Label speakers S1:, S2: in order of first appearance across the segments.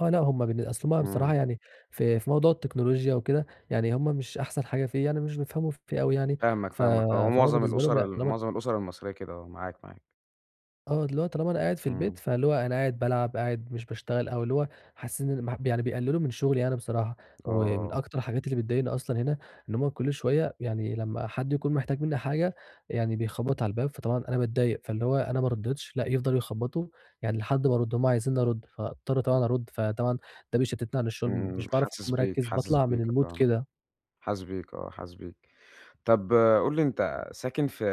S1: آه لأ، هُم بالن أصل هُم
S2: إمم.
S1: بصراحة يعني، في في موضوع التكنولوجيا وكده يعني، هُم مش أحسَن حاجة فيه، يعني مش بيفهَموا فيه أوي يعني،
S2: فاهمك
S1: ف
S2: فاهمك، هو
S1: فهو
S2: معظم
S1: بالنسبة لهُم
S2: الأُسر
S1: لأ
S2: ال
S1: طالما
S2: معظم الأُسر المصرية كده آه، معاك معاك.
S1: آه، اللي هو طالما أنا قاعد في
S2: إمم.
S1: البيت، فاللي هو أنا قاعد بالعب، قاعد مش باشتغل، أو اللي هو حاسِّين إن [unintelligible] يعني بيقلِّلوا من شغلي يعني بصراحة. ومن
S2: آه.
S1: أكتر الحاجات اللي بتضايِقني أصلًا هنا، إن هُم كل شوية يعني لمّا حد يكون محتاج منِّي حاجة يعني، بيخبط على الباب، فطبعًا أنا باتضايق، فاللي هو أنا ما رَدِّتش، لأ يفضَلوا يخبّطوا يعني لحد ما أرد، هُم عايزينّي أرد، فأضطَر طبعًا أرد، فطبعًا ده بيشتِّتني عن الشغل،
S2: إمم،
S1: مش باعرف
S2: حاسس
S1: أكون
S2: بيك،
S1: مركِّز،
S2: حاسس
S1: باطلَع من
S2: بيك،
S1: الmood
S2: آه
S1: كده.
S2: حاسس بيك، آه. حاسس بيك. طَب قُل لي، أنتَ ساكِن في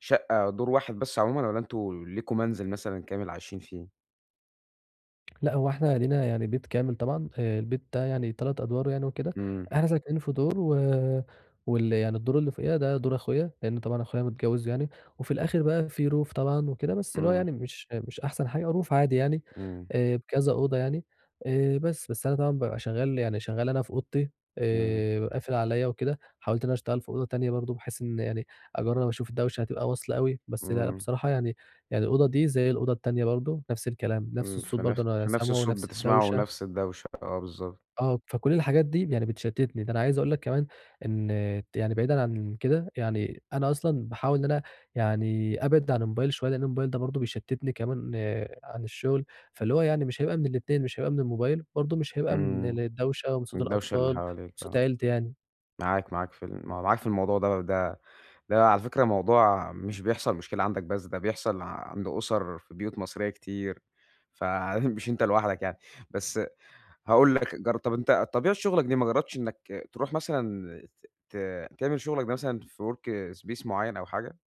S2: شقة دور واحد بس عمومًا، والّا أنتم ليكم منزِل مثلًا كامل عايشين فيه؟
S1: لأ، هو إحنا لينا يعني بيت كامل طبعًا، آآ، البيت ده يعني 3 أدوار يعني وكده،
S2: إمم.
S1: إحنا ساكنين في دور، و وال يعني الدور اللي فوقينا ده دور أخويا، لإن طبعًا أخويا متجوز يعني، وفي الآخِر بقى في roof طبعًا وكده، بس اللي هو
S2: إمم.
S1: يعني مش مش أحسن حاجة، roof عادي يعني،
S2: إمم.
S1: آآ، بكذا أوضة يعني، آآ، بس. بس أنا طبعًا بابقى شغَّال يعني شغَّال أنا في أوضتي،
S2: إمم.
S1: آآ، ب قافِل عليّا وكده، حاوَلت إن أنا أشتغَل في أوضة تانية برضه، بحيث إن يعني أجرّب أشوف الدَوشة هتبقى واصلة أوي، بس لأ
S2: إمم.
S1: بصراحة يعني يعني الأوضة دي زي الأوضة التانية برضه، نَفْس الكلام، نَفْس
S2: إمم،
S1: الصوت برضه
S2: فنف
S1: أنا
S2: فنَفْس
S1: سامعه،
S2: الصوت
S1: نَفْس
S2: بتسمَعه
S1: الدَوشة.
S2: ونَفْس الدَوشة. آه، بالضبط.
S1: آه، فكل الحاجات دي يعني بتشتِّتني، ده أنا عايِز أقول لك كمان إن يعني بعيدًا عن كده، يعني أنا أصلًا باحاول إن أنا يعني أبعَد عن الموبايل شوية، لإن الموبايل ده برضه بيشتِّتني كمان عن الشغل، فاللي هو يعني مش هيبقى من الاتنين، مش هيبقى من الموبايل وبرضه مش هيبقى من
S2: إمم،
S1: الدَوشة، ومن صوت
S2: الدَوشة اللي
S1: الأطفال ومن
S2: حواليك،
S1: صوت
S2: آه.
S1: عيلتي يعني.
S2: معاك، معاك في ال م معاك في الموضوع ده ده ده على فكرة موضوع مش بيحصل مشكلة عندك بس، ده بيحصل عند أسر في بيوت مصرية كتير، فمش أنتَ لوحدك يعني. بس هاقول لك جرب طَب أنتَ طبيعة شغلك دي، ما جرَّبتِش إنَّك ترُوح مثلًا ت ت تعمل شغلك ده مثلًا في work space معيَّن أو حاجة؟